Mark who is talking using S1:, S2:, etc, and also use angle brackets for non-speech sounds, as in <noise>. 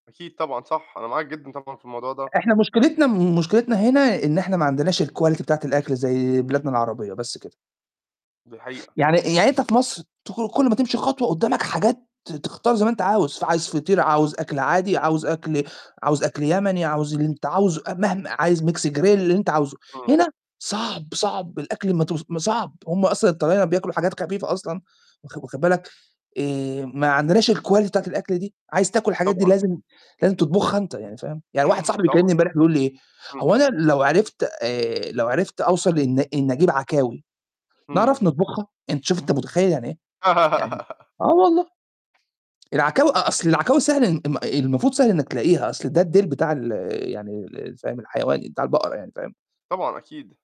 S1: أكيد طبعًا صح، أنا معاك جدًا طبعًا في الموضوع ده.
S2: إحنا مشكلتنا مشكلتنا هنا إن إحنا ما عندناش الquality بتاعة الأكل زي بلادنا العربية بس كده.
S1: دي حقيقة.
S2: يعني يعني أنت في مصر تخرج كلّ ما تمشي خطوة قدّامك حاجات ت تختار زي ما أنت عاوز، فعايز فطير عاوز أكل عادي عاوز أكل عاوز أكل يمني عاوز اللي أنت عاوزه مهما عايز Mix grill اللي أنت عاوزه،
S1: إمم.
S2: هنا صعب، صعب الأكل ما تو صعب، هُم أصلًا الطلاينة بياكلوا حاجات خفيفة أصلًا، واخ واخد بالك، آآ ما عندناش الquality بتاعة الأكل دي، عايز تاكل الحاجات دي
S1: طبعًا.
S2: لازم لازم تطبخها أنت يعني فاهم، يعني واحد
S1: <clears throat>
S2: صاحبي
S1: طبعًا.
S2: بيكلّمني امبارح بيقول لي إيه:
S1: إمم.
S2: "هو أنا لو عرفت آآ لو عرفت أوصل إن إن أجيب عكاوي،
S1: إمم.
S2: نعرف نطبخها؟" أنت شُفت أنت متخيّل يعني إيه؟ يعني
S1: <laughs>
S2: آه والله، العكاوي أ أصل العكاوي سهل م ال المفروض سهل إنك تلاقيها، أصل ده الديل بتاع ال يعني ال فاهم، الحيوان بتاع البقرة يعني فاهم؟
S1: طبعًا أكيد.